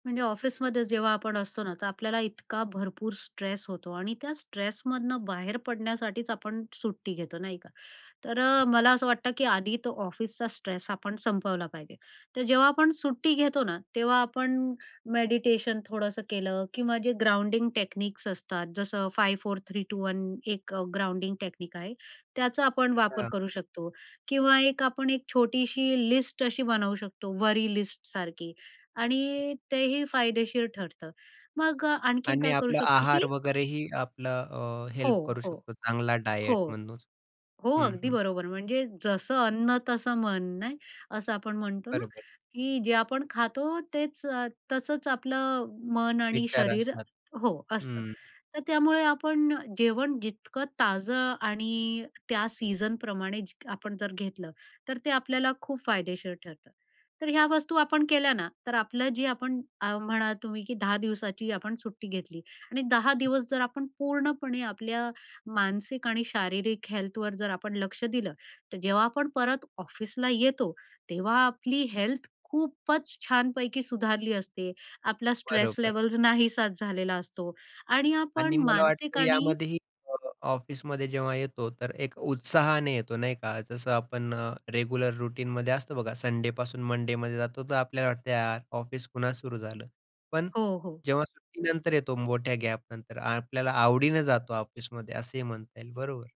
म्हणजे ऑफिसमध्ये जेव्हा आपण असतो ना, तर आपल्याला इतका भरपूर स्ट्रेस होतो आणि त्या स्ट्रेसमधनं बाहेर पडण्यासाठीच आपण सुट्टी घेतो. नाही का. तर अ, मला असं वाटतं की आधी तो ऑफिसचा स्ट्रेस आपण संपवला पाहिजे. तर जेव्हा आपण सुट्टी घेतो ना, तेव्हा आपण मेडिटेशन थोडंसं केलं किंवा जे ग्राउंडिंग टेक्निक्स असतात. जसं five four three two one, एक ग्राउंडिंग टेक्निक आहे. त्याचा आपण वापर हां. करू शकतो किंवा एक आपण एक छोटीशी लिस्ट अशी बनवू शकतो, वरी लिस्ट सारखी आणि तेही फायदेशीर ठरतं. मग आणखीन आणि काय करू आपला शकतो आहार की वगैरेही आपला अ, हो, हेल्प करू हो. शकतो चांगला हो, डायट म्हणून. हो. हं, अगदी हं. बरोबर. म्हणजे "जसं अन्न तसं मन" ना, असं आपण म्हणतो ना. बरोबर. की जे आपण खातो, तेच तसंच आपलं मन आणि विचार शरीर असतात. हो, असतं. हं. तर त्यामुळे आपण जेवण जितकं ताजं आणि त्या सीझनप्रमाणे आपण जर घेतलं, तर ते आपल्याला खूप फायदेशीर ठरतं. तर ह्या वस्तू आपण केल्या ना, तर आपलं जे आपण अ, म्हणा तुम्ही की 10 दिवसाची आपण सुट्टी घेतली आणि 10 दिवस जर आपण पूर्णपणे आपल्या मानसिक आणि शारीरिक हेल्थवर जर आपण लक्ष दिलं, तर जेव्हा आपण परत ऑफिसला येतो, तेव्हा आपली हेल्थ खूपच छानपैकी सुधारली असते. आपला स्ट्रेस बरोबर. लेवल्स नाहीसाच झालेला असतो. आणि आणि आपण मला मानसिक वाटतं आणि यामध्येही अ, ऑफिसमध्ये जेव्हा येतो तर, एक उत्साहाने येतो. नाही का जसं आपण रेग्युलर रूटीनमध्ये असतो बघा संडे पासून मंडेमध्ये जातो. तर आपल्याला वाटते यार ऑफिस पुन्हा सुरू झालं. पण हो, हो. जेव्हा सुट्टीनंतर येतो मोठ्या गॅपनंतर, आपल्याला आवडीनं जातो ऑफिसमध्ये, असेही म्हणता येईल. बरोबर.